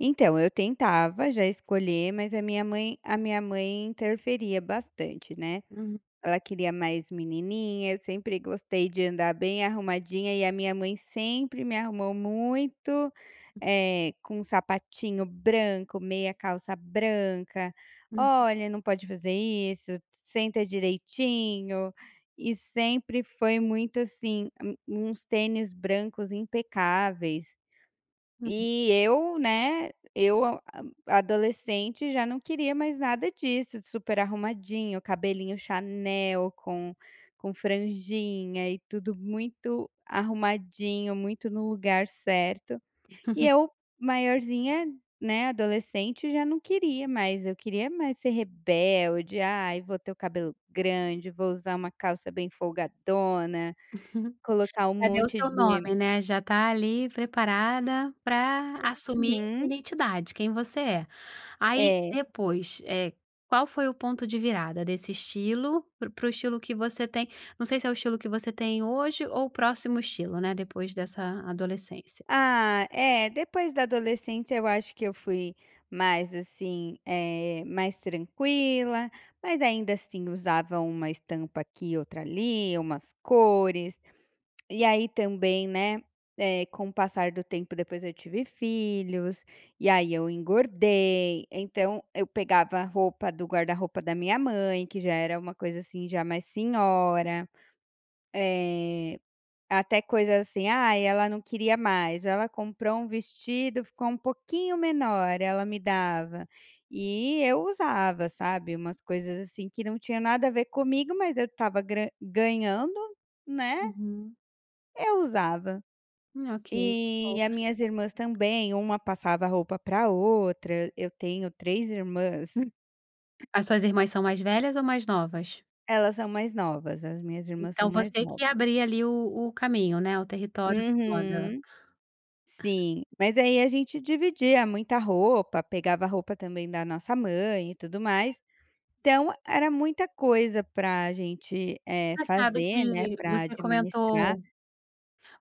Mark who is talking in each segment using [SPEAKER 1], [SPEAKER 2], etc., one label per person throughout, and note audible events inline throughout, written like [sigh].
[SPEAKER 1] Então, eu tentava já escolher mas a minha mãe a minha mãe interferia bastante, né.
[SPEAKER 2] Uhum.
[SPEAKER 1] Ela queria mais menininha, eu sempre gostei de andar bem arrumadinha e a minha mãe sempre me arrumou muito, eh, com um sapatinho branco, meia calça branca,
[SPEAKER 2] Uhum.
[SPEAKER 1] "olha não pode fazer isso, senta direitinho", e sempre foi muito assim a um uns tênis brancos impecáveis.
[SPEAKER 2] Uhum.
[SPEAKER 1] E eu, né eu a adolescente, já não queria mais nada disso, super arrumadinho, cabelinho chanel, com com franjinha e tudo muito arrumadinho, muito no lugar certo. E
[SPEAKER 2] [chuckles]
[SPEAKER 1] eu, maiorzinha, né, adolescente, já não queria mais. Eu queria mais ser rebelde, "ai vou ter o cabelo grande, vou usar uma calça bem folgadona,
[SPEAKER 2] [laughs]
[SPEAKER 1] colocar um
[SPEAKER 2] Já deu
[SPEAKER 1] monte
[SPEAKER 2] seu
[SPEAKER 1] de".
[SPEAKER 2] nome, né, já está ali preparada para assumir sua
[SPEAKER 1] Uhum.
[SPEAKER 2] identidade, quem você é. Aí
[SPEAKER 1] É.
[SPEAKER 2] depois eh, qual foi o ponto de virada desse estilo pr para o estilo que você tem não sei se é o estilo que você tem hoje ou o próximo estilo, né, depois dessa adolescência.
[SPEAKER 1] Ah, eh, depois da adolescência eu acho que eu fui mais, assim, eh, mais tranquila. Mas ainda assim usava uma estampa aqui e outra ali, umas cores, e aí também, né, eh, com o passar do tempo depois eu tive filhos e aí eu engordei, então eu pegava roupa do guarda-roupa da minha mãe, que já era uma coisa assim já mais senhora. Eh, até coisa assim, "ai ela não queria mais", ou ela comprou um vestido, ficou um pouquinho menor, ela me dava. E eu usava, sabe, umas coisas assim que não tinha nada a ver comigo mas eu estava gra ganhando, né,
[SPEAKER 2] Uhum.
[SPEAKER 1] eu usava.
[SPEAKER 2] Hum, ok, boa.
[SPEAKER 1] E a minhas irmãs também, uma passava roupa para outra, eu tenho três irmãs. [giggles]
[SPEAKER 2] As suas irmãs são mais velhas ou mais novas?
[SPEAKER 1] Elas são mais novas, as minhas irmãs são
[SPEAKER 2] Então
[SPEAKER 1] mais
[SPEAKER 2] você que
[SPEAKER 1] novas.
[SPEAKER 2] abria ali o o caminho, né, o território da moda.
[SPEAKER 1] Uhum. Sim, mas aí a gente dividia muita roupa, pegava roupa também da nossa mãe e tudo mais. Então, era muita coisa para gente, eh,
[SPEAKER 2] Engraçado
[SPEAKER 1] fazer, né,
[SPEAKER 2] que
[SPEAKER 1] para
[SPEAKER 2] você
[SPEAKER 1] administrar.
[SPEAKER 2] comentou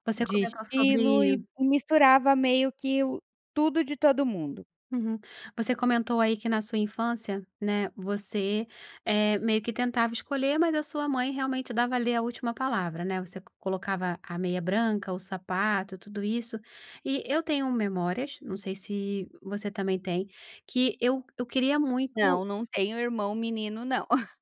[SPEAKER 2] você
[SPEAKER 1] De
[SPEAKER 2] comentou
[SPEAKER 1] estilo
[SPEAKER 2] sobre
[SPEAKER 1] e misturava meio que o tudo de todo mundo.
[SPEAKER 2] Uhum. Você comentou aí que na sua infância, né, você, eh, meio que tentava escolher, mas a sua mãe realmente dava a ler a última palavra, né, você co colocava a meia branca, o sapato, tudo isso. E eu tenho memórias, não sei se você também tem, que eu eu queria muito,
[SPEAKER 1] Não, não
[SPEAKER 2] s
[SPEAKER 1] tenho irmão menino, não. [laughs]